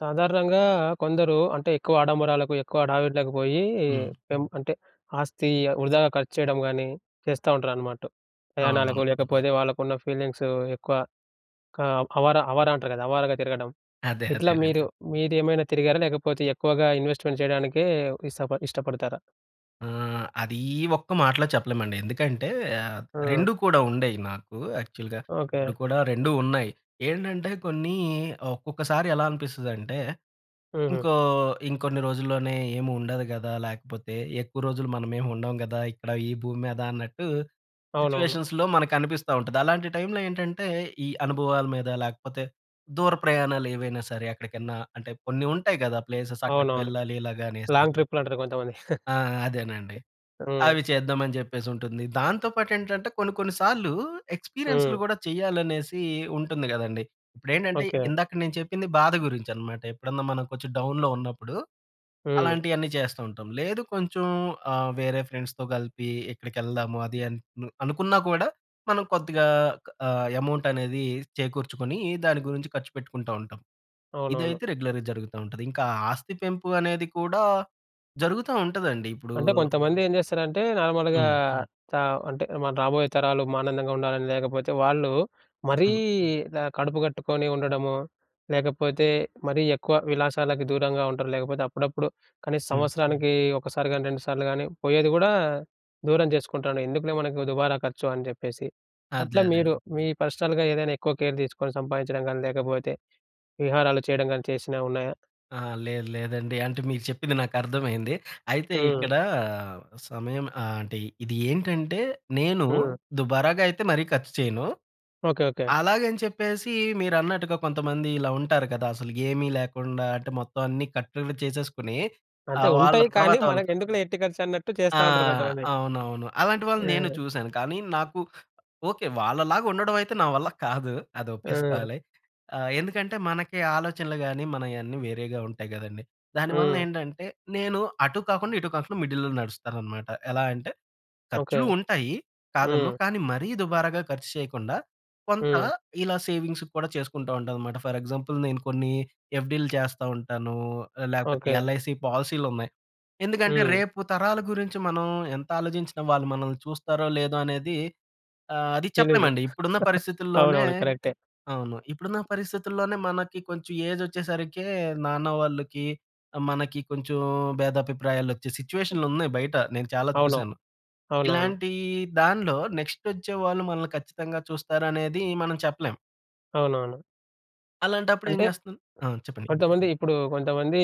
సాధారణంగా కొందరూ అంటే, ఎక్కువ ఆడంబరాలకు, ఎక్కువ హడావిడలకు పోయీ హ్మ్. పెం అంటే, ఆస్తి ఆహ్, వృధాగా ఖర్చు చెయ్యడం గానీ చేస్తా ఉంటరనమాట. అవునవును. ప్రయాణాలకో, లేకపోతే వాళ్ళకున్న ఫీలింగ్సూ ఎక్కువ కాం హవరా అవారా అంటారు గదా! అవారాగా తిరగడం. అదే. ఇట్లా అదేనండి. మీరు, మీరేఏమైనా తిరిగారా, లేకపోతే ఎక్కువగా ఇన్వేస్ట్‌మెంట్ చెయ్యడానికే ఇస్సప ఇష్టపడతారా? ఆ! అదీ ఈ ఒక్క మాటలో చెప్పలేమండి. ఎందుకంటే, ఆహ్, ఆ! రెండూ కూడా ఉండేయి నాకు యాక్చువల్‌గా. ఓకే. ఇప్పుడు కూడా 2 ఉన్నాయి. ఏంటంటే, కొన్నీ ఒక్కొక్కసారి ఎలా అనిపిస్తుందంటే, హుహు. ఇంకో ఇంకొన్ని రోజుల్లోనే ఏమి ఉండదు గదా! లేకపోతే, ఎక్కువ రోజులు మనమేమి ఉండం గదా! ఇక్కడ ఈ భూమి మీద అన్నట్టూ, అవునవును. సిచ్యువేషన్స్‌లో మనకనిపిస్తా ఉంటది. అలాంటి టైమ్‌లో ఏంటంటే, ఈ అనుభవాల మీద, లేకపోతే దూర ప్రయాణాలు ఏవైనా సరే ఎక్కడికన్నా అంటే, కొన్ని ఉంటాయి గదా ప్లేసెస్, అక్కడికి అవునవును. వెళ్ళాలి ఇలాగా అనేసి. లాంగ్ ట్రిప్‌లంటరు కొంతమంది. ఆ! అదేనండి. హ్మ్. అవి చేద్దామని చెప్పేసుంటుంది. దాంతో పాటేంటంటే, కొన్ని కొన్ని సాల్లూ ఎక్స్‌పిరియన్స్‌లు హ్మ్. గూడా చెయ్యాలనేసీ ఉంటుంది గదండీ. ఇప్పుడేంటంటే, ఓకే. ఇందాక నేను చెప్పింది బాధ గురించి అనమాట. ఎప్పుడన్నా మనం కొంచం డౌన్‌లో ఉన్నప్పుడూ, హ్మ్. అలాంటియన్ని చేస్తా ఉంటాం. లేదు కొంచెం ఆహ్, వేరే ఫ్రెండ్స్‌తో గలిపి ఎక్కడికెళ్దాము అది అన్ మ్ అనుకునా కూడా, మనం కొద్దిగా ఆహ్, ఎమౌంటనేదీ చేకూర్చుకొనీ, దాని గురించి ఖర్చు పెట్టుకుంటా ఉంటాం. అవునవును. ఇదైతే రెగ్యులర్‌గా జరుగుతా ఉంటది. ఇంకా ఆస్తి పెంపు అనేది కూడా జరుగుతా ఉంటదండి. ఇప్పుడూ అంటే, కొంతమంది ఏం చేస్తారంటే, నార్మల్‌గా హ్మ్. చ అంటే, మనం రాబోయే తరాలు ఆనందంగుండాలని, లేకపోతే వాళ్ళు మరీ హ్మ్. ఇలా కడుపు కట్టుకొని ఉండడము, లేకపోతే మరీ ఎక్కువ విలాసాలకు దూరంగా ఉంటారు, లేకపోతే అప్పుడప్పుడు కనీస హ్మ్. సంవత్సరానకీ ఒక్కసారి గానీ, 2 సార్లు గానీ పోయేది గూడా దూరం చేసుకుంటాండు. ఎందుకులే మనకు దుబారా ఖర్చు అని చెప్పేసి. అదే. అట్లా అదేండి. మీరు, మీ పర్సనల్‌గా ఏదైనా ఎక్కువ కేర్ తీసుకొని, సంపాదించడం గానీ, లేకపోతే విహారాలు చెయ్యడం గానీ చేసినవున్నాయా? అహా! లేదు, లేదండి. అంటే, మీరు చెప్పింది నాకర్థమైంది. అయితే, హ్మ్. ఇక్కడా సమయం ఆహ్, అంటే, ఇది ఏంటంటే, నేను హ్మ్. దుబారాగా అయితే మరీ ఖచ్చు చెయను. ఓకె. ఓకే. అలాగని చెప్పేసీ మీరన్నట్టుగా కొంతమంది ఇలా ఉంటారు కదా! అసలుకేమి లేకుండా. అంటే, మొత్తం అన్ని కట్టడిని చేసేసుకొని అంతే. ఆహ్, వాళ్ళ ఉంటాయి, కానీ తర్వాతోళ్ళకి మనకెందుకులే ఎట్టి ఖర్చన్నట్టు ఆ! చేస్తా ఉంటరు కొంతమంది. అవునవును. అలాంటి వాళ్ళని నేను ఆ! చూశాను, కానీ నాకు ఓకే. వాళ్ళలాగుండడవైతే నా వల్ల కాదు. అది ఆ! ఒప్పేసుకోవాలి. ఆహ్, ఎందుకంటే, మనకీ ఆలోచనలు గానీ, మనయన్నీ వేరేగా ఉంటాయి గదండీ. దాని వలన హ్మ్. ఏంటంటే, నేను అటూ, కాకుండా ఇటూ కాకుండా మిడిల్‌లో నడుస్తాననమాట. ఎలా అంటే, ఓకే. ఖర్చులూ ఉంటాయి. కాదనను. హ్మ్. కానీ మరీ దుబారాగా ఖర్చు చెయ్యకుండా, కొంత హ్మ్. ఇలా సేవింగ్సుకు కూడా చేసుకుంటా ఉంటానమాట. ఫర్ ఎగ్జాంపుల్, నేను కొన్నీ ఎఫ్‌డీలు చేస్తా ఉంటానూ, లేకపోతే ఓకే. ఎల్‌ఐసీ పాలసీలున్నాయి. ఎందుకంటే, హ్మ్. రేపు తరాల గురించి మనం ఎంతాలోజించినా వాళ్ళు మనల్ని చూస్తారో, లేదో అనేది ఆహ్, అది తెలీదు. చెప్పలేమండి. ఇప్పుడున్న పరిస్థితుల్లోనే అవునవును. కరక్టే. అవును. ఇప్పుడున్న పరిస్థితుల్లోనే మనకి కొంచెం ఏజొచ్చేసరికే నాన్న వాళ్ళకి, మనకి కొంచుం భేదాభిప్రాయాలొచ్చే సిచ్యుయేషన్‌లున్నాయి బయట, నేను చాలా అవును. చూశాను. అవునవును. ఇలాంటీ దాన్లో నెక్స్‌టొచ్చేవాళ్ళు మనల్ని ఖచ్చితంగా చూస్తారనేదీ మనం చెప్పలేం. అవునవును. అలాంటప్పుడు ఏం అంటే. చేస్తాను? ఆ! చెప్పండి. కొంతమంది ఇప్పుడు కొంతమంది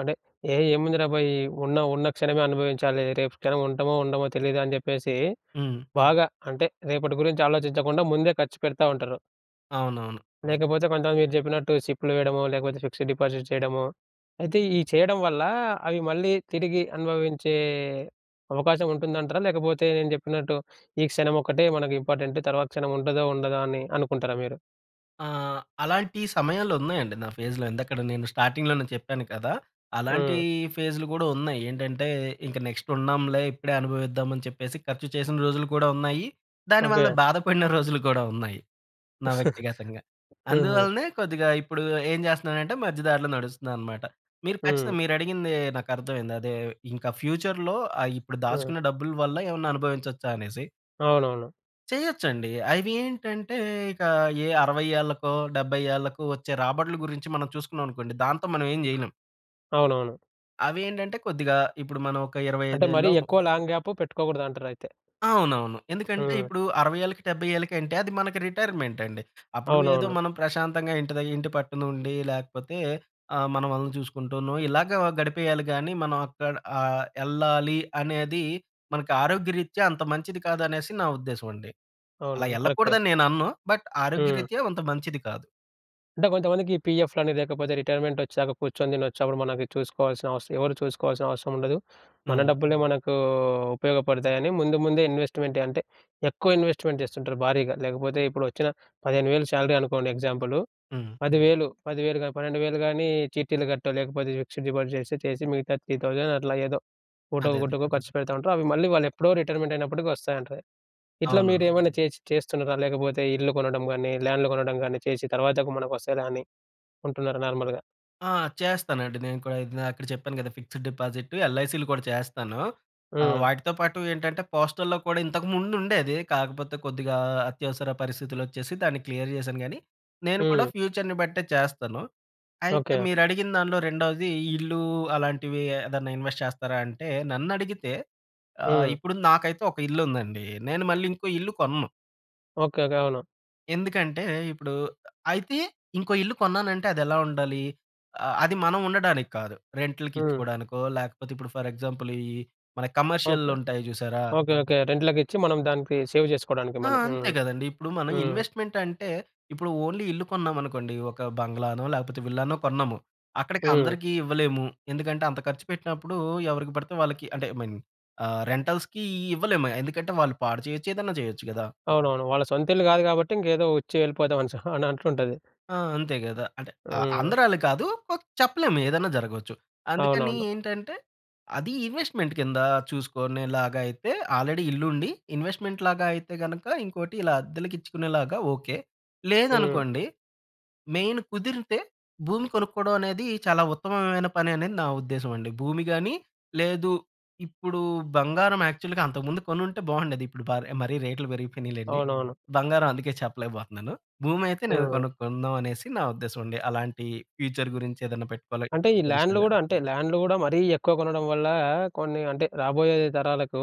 అంటే ఏ ఏముందిరా భాయ్ ఉన్న ఉన్న క్షణమే అనుభవించాలి. రేపు క్షణం ఉంటమో ఉండమో తెలీదు అని చెప్పేసి, హ్మ్. బాగా అంటే రేపటి గురించి ఆలోచించకుండా ముందే ఖర్చు పెడతా ఉంటారు. అవునవును. లేకపోతే కొంతమంది మీరు చెప్పినట్టు సిప్‌లు వేయడమో, లేకపోతే ఫిక్స్డ్ డిపాజిట్ చేయడమో, అయితే ఈ చేయడం వల్ల అవి మళ్ళీ తిరిగి అనుభవించే అవకాశం ఉంటుందంటారా? లేకపోతే నేను చెప్పినట్టు ఈ క్షణం ఒక్కటే మనకు ఇంపార్టెంట్, తర్వాత క్షణం ఉంటదో ఉండదో అని అనుకుంటారా మీరు? ఆ! అలాంటి సమయాలు ఉన్నాయండి నా ఫేస్‌లో. ఇందాకడ నేను స్టార్టింగ్‌లోనే చెప్పాను కదా! అలాంటి హ్మ్. ఫేస్‌లు కూడా ఉన్నాయి. ఏంటంటే ఇంక నెక్స్ట్ ఉండంలే ఇప్పుడే అనుభవిద్దామని చెప్పేసి, ఖర్చు చేసిన రోజులు కూడా ఉన్నాయి. దానివల్ల ఓకే. బాధపడిన రోజులు కూడా ఉన్నాయి, నా వ్యక్తిగతంగా. హుహు. అందువలనే కొద్దిగా ఇప్పుడు ఏం చేస్తున్నానంటే మధ్య దారిలో నడుస్తున్నానన్నమాట. మీరు ఖచ్చితంగా హ్మ్. మీరు అడిగింది నాకు అర్థమైంది. అదే ఇంకా ఫ్యూచర్‌లో ఆహ్ ఇప్పుడు హ్మ్. దాచుకున్న డబ్బుల వల్ల ఏమన్నా అనుభవించొచ్చా అనేసి? అవునవును. చేయొచ్చండి. అవి ఏంటంటే ఇక ఏ 60 ఏళ్ళకో, 70 ఏళ్ళకో వచ్చే రాబడుల గురించి మనం చూసుకున్నామనుకోండి, దాంతో మనం ఏం చేయలేం. అవునవును. అవి ఏంటంటే కొద్దిగా ఇప్పుడు మనం ఒక ఇరవై అంటే ఐదు మరీ ఏళ్ళో ము ఎక్కువ లాంగ్ గ్యాప్ పెట్టుకోగూడదంటారు అయితే. అవునవును. ఎందుకంటే హ్మ్. ఇప్పుడు 60 ఏళ్ళకి, 70 ఏళ్ళకి అంటే అది మనకి రిటైర్‌మెంట్ అండి. అప్పుడు ఏదో అవునవును మనం ప్రశాంతంగా ఇంటి ద ఇంటి పట్టునుండి లేకపోతే ఆహ్, మన వాళ్ళని చూసుకుంటూనో ఇలాగా గడిపేయాలి గానీ మనం అక్కడ ఆహ్, యెళ్ళాలి అనేది మనకి ఆరోగ్యరీత్యా అంత మంచిది కాదనేసి నా ఉద్దేశం అండి. అలా అవునవును. కరెక్టే. యెళ్ళకూడదని నేను అనను. బట్ హ్మ్. ఆరోగ్యరీత్యా అంత మంచిది కాదు. అంటే కొంతమందికి పీఎఫ్‌లని లేకపోతే రిటైర్మెంట్ వచ్చాక కూర్చొని తినచ్చు, అప్పుడు మనకి చూసుకోవాల్సిన అవసరం ఎవరు చూసుకోవాల్సిన అవసరం ఉండదు. మన హ్మ్. డబ్బులే మనకు ఉపయోగపడతాయని ముందు ముందే ఇన్వెస్ట్‌మెంట్ అంటే ఎక్కువ ఇన్వెస్ట్‌మెంట్ చేస్తుంటారు భారీగా. లేకపోతే ఇప్పుడొచ్చిన 15,౦౦౦ శాలరీ అనుకోండి ఎగ్జాంపుల్ హ్మ్. 10000, 10000 గాని, 12000 గానీ చీటీలు గట్టో లేకపోతే, ఫిక్సెడ్ డిపాజిట్ చేసి చేసి మిగతా 3000 అట్లా ఏదో ఒకటొ అదే అదే. ఒకటకో ఖర్చు పెడతా ఉంటారు. అవి మళ్ళీ వాళ్ళు ఎప్పుడో రిటైర్మెంటయినప్పడికి వస్తాయంట. ఇట్లా అవును. మీరేమైనా చేసి చేస్తున్నారా లేకపోతే ఇల్లు కొనడం గాని, ల్యాండ్‌లు కొనడం గాని చేసి తర్వాత మనకు వస్తాదా అని ఉంటున్నారా నార్మల్‌గా? ఆ! చేస్తానండి నేను కూడా ఇందాక చెప్పాను కదా ఫిక్స్డ్ డిపాజిట్, ఎల్ఐసిలు కూడా చేస్తాను. ఆహ్, హ్మ్. వాటితో పాటు ఏంటంటే పోస్టల్‌లో కూడా ఇంతకు ముందు ఉండేది. కాకపోతే కొద్దిగా ఆహ్, అత్యవసర పరిస్థితులొచ్చేసి దాన్ని క్లియర్ జేశాను కానీ, నేను కూడా హ్మ్. ఫ్యూచర్‌ని బట్టే చేస్తాను. అయితే ఓకే. మీరడిగిన దానిలో రెండవది ఇల్లు అలాంటివి ఏదైనా ఇన్వెస్ట్ చేస్తారా అంటే, నన్నడిగితే ఆహ్, హ్మ్. ఇప్పుడు నాకైతే ఒక ఇల్లుందండి. నేను మళ్ళీ ఇంకో ఇల్లు కొనను. Okay, okay. అవును. ఎందుకంటే ఇప్పుడూ అయితే ఇంకో ఇల్లు కొన్నానంటే అదెలా ఉండాలి? ఆహ్, అది మనం ఉండడానికి కాదు. రెంట్‌లుకి హ్మ్. ఇచ్చుకోడానికో, లేకపోతే ఇప్పుడు ఫర్ ఎగ్జాంపుల్ ఈహ్, మన కమర్షియల్‌లో ఓకే. ఉంటాయి చూసారా? Okay, okay. రెంట్‌లకిచ్చి మనం దానికి సేవ్ చేసుకోడానికి ఆ! మనీ. అంతే హ్మ్. గదండీ! ఇప్పుడు మనం హ్మ్. ఇన్వెస్ట్‌మెంట్‌ అంటే ఇప్పుడు ఓన్లీ ఇల్లు కొన్నామనుకోండి. ఒక బంగ్లానో లేకపోతే విల్లానో కొన్నాము. హ్మ్. అక్కడికందరికి ఇవ్వలేము. ఎందుకంటే అంత ఖర్చు పెట్టినప్పుడూ, ఎవరికి బడితే వాళ్ళకి అంటే, ఐ మీన్ ఆహ్, రెంటల్స్‌కీ ఇవ్వలేము. ఎందుకంటే వాళ్ళు పాడు చేయొచ్చు. ఏదన్నా జేయొచ్చు కదా! అవునవును. వాళ్ళ సొంతిల్లు గాదు గాబట్టి ఇంకేదో వచ్చి వెళ్ళిపోదాం అనిసి అని అంటుంటాది. ఆ! అంతే గదా! అంటే ఆహ్, హ్మ్. అందరూ అలా కాదు చెప్పలేం ఏదన్నా జరగొచ్చు. అందుకని అవునవును. ఏంటంటే, అది ఇన్వెస్ట్‌మెంట్ కింద చూసుకునేలాగయితే ఆల్రెడీ ఇల్లుండి ఇన్వెస్ట్‌మెంట్‌లాగా అయితే గనక ఇంకోటి, ఇలా అద్దెలకిచ్చుకునేలాగా ఓకె. హ్మ్. లేదనుకోండి మెయిన్ కుదిరితే భూమి కొనుక్కోడం అనేది చాలా ఉత్తమమైన పననేది నా ఉద్దేశంమండి. భూమి గాని, లేదు ఇప్పుడు బంగారం యాక్చువల్‌గా అంతకు ముందు కొనుంటే బావుండేది. ఇప్పుడు బార్ మరీ రేట్‌లు పెరిగిపోయినయి లెండి. అవునవును. బంగారం అందుకే చెప్పలేకబోతున్నాను. భూమయితే నేను హ్మ్. కొనుక్కుందాం, అనేసి నా ఉద్దేశమండి. అలాంటియి ఫ్యూచర్ గురించి ఏదైనా పెట్టుకోలి అంటే ఈ ల్యాండ్‌లు అడిషనల్‌గా. గూడా అంటే, ల్యాండ్‌లు గూడా మరీ ఎక్కువ కొనడం వల్లా, కొన్ని అంటే రాబోయే తరాలకు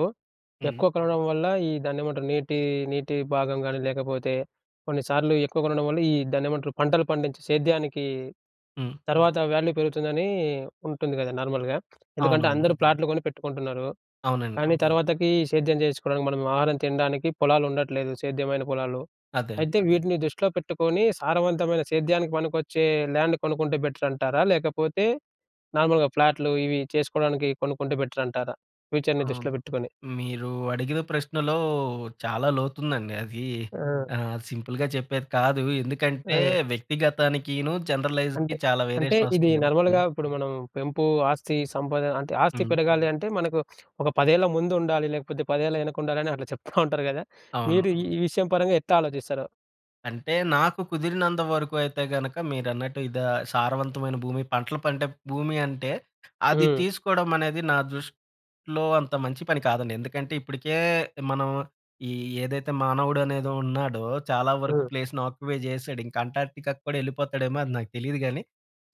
హ్మ్. ఎక్కువ కొనడం వల్ల ఈ దాన్నేమంటారు? నీటి, నీటి భాగం గాని లేకపోతే కొన్నిసార్లు ఎక్కువ కొనడం వల్ల ఈ దాన్నేమంటారు? పంటలు పండించి సేద్యానికీ హ్మ్. తర్వాత వాల్యూ పెరుగుతుందని ఉంటుంది గదా! నార్మల్‌గా. ఎందుకంటే అవునవును. అందరూ ప్లాట్లు గొని పెట్టుకుంటున్నారు. అవునండి. కానీ తర్వాతకి సేద్యం చేయించ్చుకోడానికి, మనం ఆహారం తినడానికి, పొలాలుండట్లేదు సేద్యమైన పొలాలు. అదే. అయితే వీటిని దృష్టిలో పెట్టుకొని సారవంతమైన సేద్యానికి పనికొచ్చే ల్యాండ్ కొనుక్కుంటే బెటరంటారా? లేకపోతే నార్మల్‌గా ఫ్లాట్లు ఇవి చేసుకోడానికి కొనుక్కుంటే బెటరంటారా? ఫ్యూచర్‌ని అవును. దృష్టిలో పెట్టుకొని. మీరు అడిగిన ప్రశ్నలో చాలా లోతుందండి అదీ ఆ! ఆహ్, సింపుల్‌గా చెప్పేది కాదు. ఎందుకంటే ఆ! వ్యక్తిగతానికిను, జనరలైజ్‌కి అంటే, చాలా అంటే వేరియేషన్ ఇది వస్తుంది గదా! హ్మ్. నార్మల్‌గా ఇప్పుడు మనం పెంపు ఆస్తి, సంపాదన అంటే ఆస్తి హ్మ్. పెరగాలి అంటే మనకు ఒక "పదేళ్ల ముందుండాలి. లేకపోతే పదేళ్ల వెనకుండాలి." అని అట్లా చెప్తా ఉంటారు గదా! అవును. మీరు ఈ విషయం పరంగా ఎట్లా ఆలోచిస్తారు? అంటే నాకు కుదిరినంత వరకు అయితే గనక మీరన్నట్టు ఇదా సారవంతమైన భూమి. పంటలు పండె భూమి అంటే, అది హ్మ్. తీసుకోవడం అనేది నా దృష్టిలో అంత మంచి పని కాదండి. ఎందుకంటే, ఇప్పటికే మనం ఈ ఏదైతే మానవుడు అనేది ఉన్నాడో, చాలా వరకు హ్మ్. ప్లేస్‌ని ఆక్యుపై చేసాడు. ఇంకా అంటార్క్‌టికా కూడా ఎళ్ళిపోతాడు ఏమో, అది నాకు తెలియదు గానీ,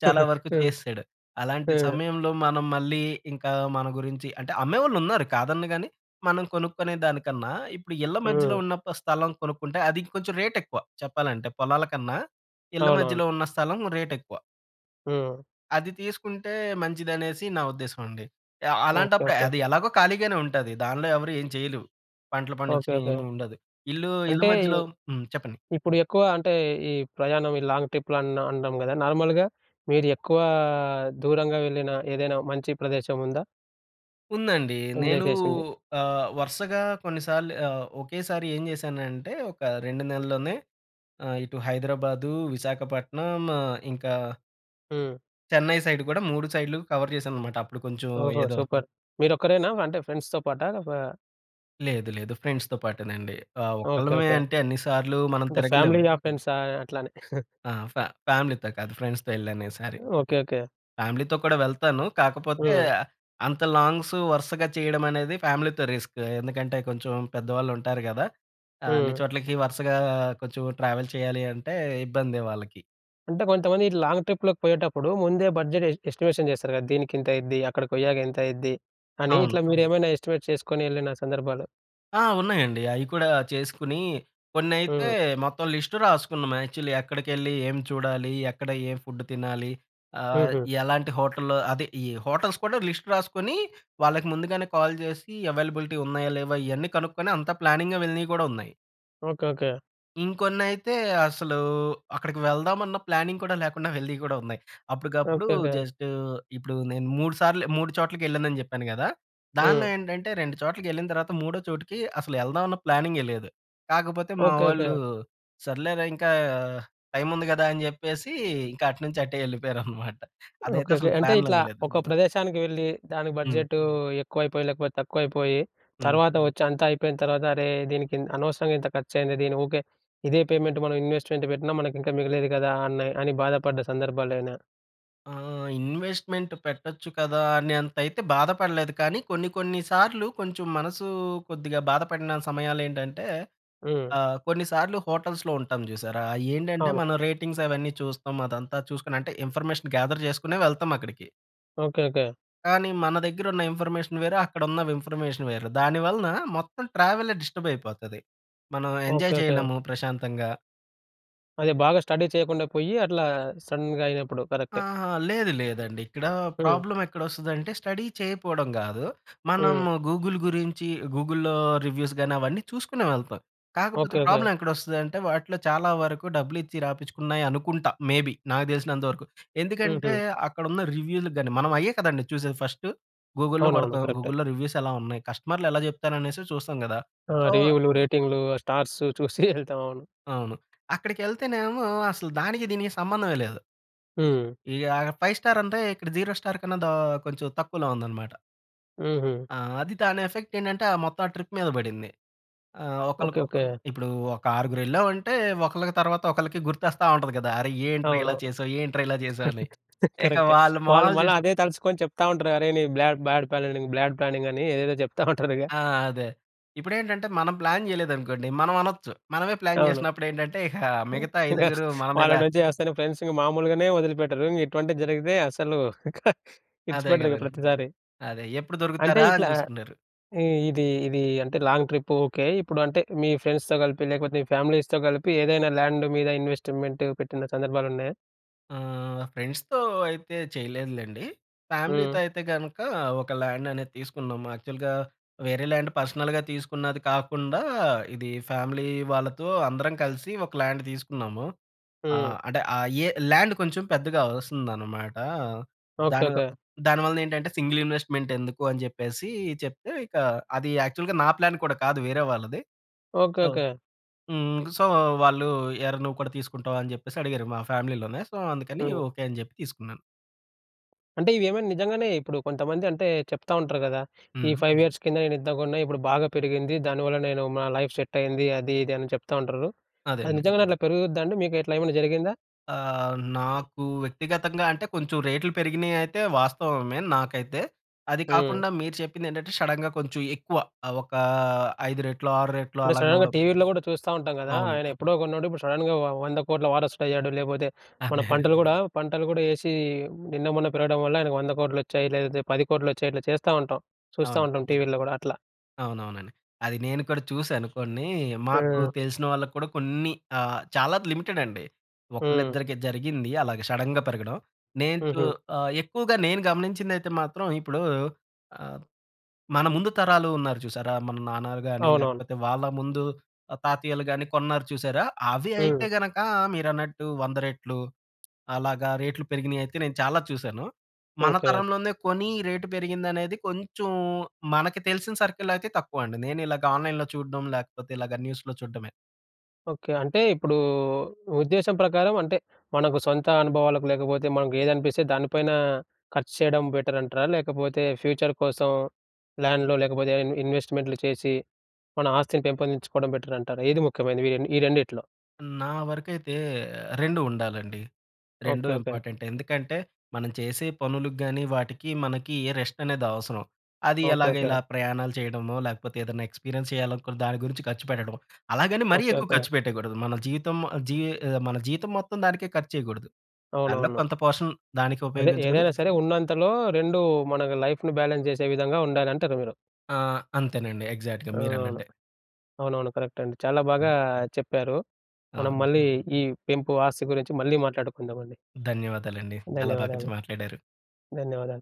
చాలా వరకు హ్మ్, చేసెసాడు. అలాంటి హ్మ్. సమయంలో మనం మళ్ళీ ఇంకా మన గురించి అంటే అమ్మేవాళ్ళు ఉన్నారు. కాదన్ను గాని మనం కొనుక్కునే దానికన్నా, ఇప్పుడు ఇళ్ల మధ్యలో హ్మ్. ఉన్న ఒక్క స్థలం కొనుక్కుంటే అది కొంచెం రేట్ ఎక్కువ. చెప్పాలంటే పొలాల కన్నా, ఇళ్ల అవునవును. మధ్యలో ఉన్న స్థలం రేట్ ఎక్కువ. హ్మ్. అది తీసుకుంటే మంచిదనేసి నా ఉద్దేశం అండి. ఆహ్, ఓకే. అలాంటప్పుడే ఓకే. అది ఎలాగో ఖాళీగానే ఉంటది. దానిలో ఎవరు ఏం చేయలేం. పంటలు ఓకే. పండించడం ఏమి ఓకే. ఉండదు. ఇల్లు ఇల్లు అంటే, మధ్యలో హ్మ్. చెప్పండి. ఇప్పుడు ఎక్కువ అంటే ఈ ప్రయాణం ఈ లాంగ్ ట్రిప్‌లు అన్ అంటాం గదా! నార్మల్‌గా మీరు ఎక్కువ దూరంగా వెళ్ళిన ఏదైనా మంచి ప్రదేశం ఉందా? ఉందండి. ఎంజాయ్ నేను చేసింది? ఆహ్, వరసగా కొన్నిసార్లు ఆహ్, ఒకేసారి ఏం చేశానంటే ఒక 2 నెలల్లోనే ఆహ్, ఇటు హైదరాబాదు. విశాఖపట్నం. ఆహ్, ఇంకా హ్మ్. చెన్నై సైడ్ కూడా 3 సైడ్‌లు కవర్ చేశానన్నమాట. అప్పుడు కొంచెం ఓహో! ఏదో సూపర్! మీరొక్కరేనా అంటే ఫ్రెండ్స్‌తో పాటా? ఒకా లేదు, లేదు. ఫ్రెండ్స్‌తో పాటేనండి. ఆహ్, ఓకె. ఒక్కలమే ఓకె. అంటే అన్ని సార్లూ మనం అంటే తిరగలేం. ఫ్యామిలీయా? ఫ్రెండ్సా? అట్లని. ఆ! ఫా ఫ్యామిలీతో కాదు ఫ్రెండ్స్‌తో వెళ్ళానీసారి. ఓకె. ఓకె. ఫ్యామిలీతో కూడా వెళ్తాను. కాకపోతే హ్మ్. అంత లాంగ్స్ వరుసగా చేయడమనేది ఫ్యామిలీతో రిస్క్. ఎందుకంటే కొంచెం పెద్దవాళ్ళుంటారు కదా! అన్ని హ్మ్. చోట్లకి వరుసగా కొంచెం ట్రావెల్ చేయాలి అంటే ఇబ్బందే వాళ్ళకి. అంటే కొంతమంది ఇట్ల లాంగ్ ట్రిప్‌లకి పోయేటప్పుడు ముందే బడ్జెట్ ఎ ఎస్టిమేషన్ చేస్తారు కదా! "దీనికింత అయిద్ది, అక్కడికి పోయాక ఇంత అయిద్ది" అని అవును. ఇట్లా మీరేమైనా ఎస్టిమేట్ చేసుకొనెళ్ళిన సందర్భాలు ఆ! ఉన్నాయండి. అయి కూడా చేసుకొనీ కొన్నైతే హ్మ్. మొత్తం లిస్ట్ రాసుకున్నాం యాక్చువల్లీ. "ఎక్కడికెళ్ళి ఏం చూడాలి? ఎక్కడ ఏం ఫుడ్ తినాలి?" ఆహ్, హుహు. ఎలాంటి హోటల్‌లో అదే ఈ హోటల్స్ కూడా లిస్ట్ రాసుకునీ వాళ్ళకి ముందుగానే కాల్ చేసి అవైలబిలిటీ ఉన్నాయా? లేవా? ఇవన్నీ కనుక్కొని అంతా ప్లానింగ్‌గా వెళ్ళినవి కూడా ఉన్నాయి. ఓకె. ఓకె. ఇంకొన్నైతే అసలూ అక్కడికి వెళ్దామన్న ప్లానింగ్ కూడా లేకుండా వెళ్ళినవి కూడా ఉన్నాయి. అప్పటికప్పుడు ఓకె. ఓకె. జస్ట్ ఇప్పుడు నేను మూడు సార్లు మూడు చోట్లకెళ్ళానని చెప్పాను కదా! దాంట్లో హ్మ్. ఏంటంటే రెండు చోట్లకెళ్ళిన తర్వాత మూడో చోటుకి అసలు ఎళ్దామన్న ప్లానింగే లేదు. కాకపోతే మా ఓకె. ఓకె. వాళ్ళు, "సర్లే రా! ఇంకా టైమ్ ఉంది కదా!" అని చెప్పేసి ఇంకా అటునుంచి అటే వెళ్ళిపోయారనమాట. అదైతే ఓకె. ఓకె. అసలు అంటే ఇట్లా ప్లాన్‌లోదె లేదు. ఒక ప్రదేశానికి వెళ్ళి దానికి హ్మ్. బడ్జెటూ ఎక్కువైపోయి, లేకపోతే తక్కువైపోయీ హ్మ్. తర్వాత వచ్చి అంతా అయిపోయిన తర్వాత, "అరే! దీనికి ఇన్ అనవసరంగా ఇంత ఖర్చు అయింది. దీనికి ఓకె, ఇదే పేమెంట్ మనం ఇన్వెస్ట్‌మెంట్ పెట్టినా మనకింకా మిగిలేది కదా!" అని అని బాధపడ్డ సందర్భాలేమైనా ఆ! ఇన్వెస్ట్మెంటు పెట్టొచ్చు కదా! అనేంతయితే బాధపడలేదు కానీ, కొన్ని కొన్ని సార్లు, కొంచెం మనసూ కొద్దిగా బాధపడిన సమయాలేంటంటే, హ్మ్. అహ్, కొన్ని సార్లు హోటల్స్‌లో ఉంటాం జూసారా, అయ్యేండంటే అవును. మన రేటింగ్స్ అవన్నీ చూస్తాం, అదంతా చూసుకొని అంటే, ఇన్ఫర్మేషన్ గ్యాద‌ర్ చేసుకునే వెళ్తాం అక్కడికి. ఓకె. ఓకె. కానీ, మన దెగ్గరున్న ఇన్ఫర్మేషన్ వేరు, అక్కడున్న విమ్ఫర్మేషన్ వేరు. దానివలన మొత్తం ట్రావెలే డిస్టర్బయిపోతది. మనం ఎంజాయ్ ఓకె. ఓకె. చేయలేము ప్రశాంతంగా. అదే బాగా స్టడీ చేయకుండా పొయ్యి, అట్లా సడన్‌గా అయినప్పుడు కరక్టే. ఆహా! లేదు లేదండి. ఇక్కడా హ్మ్. ప్రాబ్లం ఎక్కడొ‌స్తదంటే స్టడీ చేయకపోడం గాదు. హ్మ్. మనము గూగుల్ గురించి, గూగుల్‌‌లో రివ్యూస్ గాని అవన్నీ చూసుకునే వెళ్తాం. కాకపోతే ఓకె. ఓకె. ప్రాబ్లం ఎక్కడొస్తదదంటే, వాటిలో చాలా వరకు డబ్బులిచ్చి రాపిచ్చుకున్నాయి అనుకుంటా, మేబి, నాకు తెలిసినంత వరకు. ఎందుకంటే, హుహు. అక్కడున్న రివ్యూలకు గాని మనం అయ్యే కదండీ చూసేది, ఫస్టు గూగుల్‌లో అవునవును. కొడతాం, కరక్టే. గూగుల్‌లో రివ్యూసెలా ఉన్నాయి, కస్టమర్‌లెలా చెప్తారనేసే చూస్తాం గదా! ఆ! సో రివ్యూలు, రేటింగ్‌లు, ఆ స్టార్స్ చూసి యెళ్తాం. అవును. అవును. అక్కడికె‌ళ్తేనేమో, అసలు దానికి దీనికి సంబంధమే లేదు. హ్మ్. ఈ ఆగర్ ఫైవ్ స్టారంటే, ఇక్కడ జీరో స్టార్ కన్నా దా కొంచెం తక్కువలో ఉందన‌మాట. హుహు. ఆ! అది దాని ఎఫెక్ట్ ఏంటంటే మొత్తం ఆ ట్రిప్ మీద పడింది. ఆహ్, ఒకళ్ళకి ఓకే. ఒక ఓకే. ఇప్పుడు ఒక ఆరుగురు వెళ్ళామంటే, ఒకళ్ళకి తరువాత ఒకళ్ళకి గుర్తొస్తా ఉంటది కదా! "అరె! ఏంట్రా ఇలా అవునవును చేశావ్? ఏంట్రా ఇలా చేశావు" అని. ఇక కరక్టే. వాళ్ళ వాళ్ళు మొహాలు మళ్ళా చూసి అదే తలుచుకొని చెప్తా ఉంటరు "అరె! నీ బ్లాడ్డ్ పానింగ్ బ్యాడ్ ప్లానింగ్" అని ఏదేదో చెప్తా ఉంటారుగా. ఆ! అదే. ఇప్పుడేంటంటే మనం ప్లాన్ చేయలేదనుకోండి, మనం అనొచ్చు. మనమే ప్లాన్ అవును. చేసినప్పుడు ఏంటంటే ఇక మిగతా ఐదుగురు మన వాళ్ళ మీద నుంచి వస్తేనే ఫ్రెండ్సు ఇంక మామూలుగానే వదిలిపెట్టరు, ఇంక ఇటువంటివి జరిగితే అస్సలు అదే ఇడ్చిపెట్టరు ఇక కదండీ! ప్రతిసారి. అదే ఎప్పుడు అంటే దొరుకుతారా అని ఇట్లా చూసుకున్నారు. ఇ ఇది ఇది అంటే లాంగ్ ట్రిప్పు ఓకే. ఇప్పుడు అంటే మీ ఫ్రెండ్స్‌తో కలిపి, లేకపోతే మీ ఫ్యామిలీస్‌తో కలిపి ఏదైనా ల్యాండు మీద ఇన్వెస్ట్‌మెంట్ పెట్టిన సందర్భాలున్నయా? ఆహ్, ఫ్రెండ్స్‌తో అయితే చేయలేదులేండి. హ్మ్. ఫ్యామిలీ‌తో అయితే గనుక ఒక ల్యాండ్ అనేది తీసుకున్నాం. యాక్చువల్‌గా వేరే ల్యాండ్ పర్సనల్‌గా తీసుకున్నది కాకుండా, ఇది ఫ్యామిలీ వాళ్ళతో అందరం కలిసి ఒక ల్యాండ్ తీసుకున్నాము. హ్మ్. ఆహ్, అంటే ఆహ్, ఏ ల్యాండ్ కొంచెం పెద్దగా వస్తుందన్నమాట. ఓకే. దాని ఓకే. దాని వల్ల ఏంటంటే సింగిల్ ఇన్వెస్ట్‌మెంట్ ఎందుకు అని చెప్పేసి, చెప్తే ఇక అది యాక్చువల్‌గా నా ప్లాన్ కూడా కాదు వేరే వాళ్ళది. ఓకే. So okay. హ్మ్, సో, వాళ్ళు, "ఏరా! నువ్వు కూడా తీసుకుంటావా?" అని చెప్పేసి అడిగారు మా ఫ్యామిలీ‌లోనే. సో, అందుకని హ్మ్. ఓకే అని చెప్పి తీసుకున్నాను. అంటే ఇవి ఏమైనా నిజంగానే ఇప్పుడు కొంతమంది అంటే చెప్తా ఉంటారు గదా! ఈ హ్మ్. 5 ఇయర్స్ కింద నేను ఇంతకొన్న ఇప్పుడు బాగా పెరిగింది. దానివల్ల నేను మా లైఫ్ సెట్ అయింది అది, ఇది అని చెప్తా ఉంటారు. అదే అది అండి. నిజంగానే అట్లా పెరుగుద్దా అండి? మీకు ఇట్లా ఏమన్నా జరిగిందా? ఆహ్, నాకు వ్యక్తిగతంగా అంటే కొంచెం రేట్‌లు పెరిగినయి అయితే వాస్తవమే నాకైతే. అది హ్మ్. కాకుండా మీరు చెప్పింది ఏంటంటే షడెన్‌గా కొంచెం ఎక్కువ ఒక 5 రెట్లు, 6 రెట్లు అంటే సడెన్‌గా అలాగవడం. టీవీలో కూడా చూస్తా ఉంటాం కదా! అవును. ఆయన ఎప్పుడో కొన్నోడు ఇప్పుడు షడెన్‌గా వ 1,00,00,00,000 వారసుడు అయ్యాడు. లేపోతే మన అదే. పంటలు కూడా పంటలు కూడా ఏసి నిన్న మొన్న పెరగడం వల్ల ఆయనకు 1,00,00,00,000 వచ్చాయి లేదంతే 10,00,00,000 వచ్చాయి. ఇట్లా చేస్తా ఉంటాం చూస్తా అవును. ఉంటాం. టీవీలో గూడా అట్లా. అవునవునం‌డి. అది నేను కూడా చూసాను కొన్ని, మాకు ఆ! తెలిసిన వాళ్ళకి కూడా కొన్ని ఆహ్, చాలా లిమిటెడ్ అండి. హ్మ్. ఒకళ్ళిద్దరికి జరిగింది అలాగే సడెన్‌గా పెరగడం. నేను చు హుహు. ఆహ్, ఎక్కువగా నేను గమనించింది అయితే మాత్రం ఇప్పుడు ఆహ్, మన ముందు తరాలు ఉన్నారు చూసారా? మన నాన్నాలు గాని అవునవును. లేకపోతే వాళ్ళ ముందు ఆహ్, తాతయ్యలు గాని కొన్నారు చూసారా? అవి హ్మ్. అయితే గనక మీరన్నట్టు 100 రెట్లు అలాగా రేట్లు పెరిగినయి అయితే నేను చాలా చూసాను. మన ఓకే. తరంలోనే కొని రేట్ పెరిగింది అనేది కొంచెం మనకి తెలిసిన సర్కిల్ అయితే తక్కువండి. నేను ఇలాగ ఆన్‌లైన్‌లో చూడం లేకపోతే ఇలాగా న్యూస్‌లో చూడమే. ఓకే. అంటే ఇప్పుడు ఉద్దేశ్యం ప్రకారం అంటే మనకు సొంత అనుభవాలకు లేకపోతే, మనకు ఏది అనిపిస్తే దానిపైన ఖర్చు చేయడం బెటర్ అంటారా? లేకపోతే ఫ్యూచర్ కోసం ల్యాండ్‌లో లేకపోతే ఇన్ ఇన్వెస్ట్‌మెంట్లు చేసి మన ఆస్తిని పెంపొందించుకోవడం బెటర్ అంటారా? ఏది ముఖ్యమైనది ఇవ్వని ఈ రెండిట్లో? నా వరకైతే రెండు ఉండాలండి. రెండు ఓకే, ఓకే. ఇంపార్టెంట్. ఎందుకంటే, మనం చేసే పనులు గాని, వాటికి మనకి ఏ రెస్టనేది అవసరం. అది ఓకే, ఎలాగ ఓకే. ఇలా ప్రయాణాలు చేయడమో, లేకపోతే ఏదైనా ఎక్స్‌పీరియన్స్ చేయాలనుకున్న దాని గురించి ఖర్చు పెట్టడం. అలాగని మరీ ఓకే, ఎక్కువ ఓకే. ఖర్చు పెట్టయకూడదు. మన జీతం ఆహ్, జీ ఆహ్, మన జీతం మొత్తం దానికే ఖర్చేయకూడదు. దానిలో అవునవును. కొంత పోర్షన్ దానికి అదే ఉపయోగించుకొని ఏదైనా సరే! ఉన్నంతలో రెండు మన‌కి లైఫ్‌ని బ్యాలెన్స్ చేసే విధంగా ఉండాలి అంటారు మీరు? ఆ! అంతేనండి ఎగ్జాక్ట్‌గా ఆ! అవును. మీరన్నట్టే. అవునవును. కరెక్ట్ అండి. చాలా బాగా హ్మ్. చెప్పారు. మనం అవును. హ్మ్. మళ్ళీ ఈ పెంపు ఆస్తి గురించి మళ్ళీ మాట్లాడుకుందామండి. ధన్యవాదాలండి. చాలా బాగా చ ధన్యవాదాలు. మాట్లాడారు. ధన్యవాదాలు.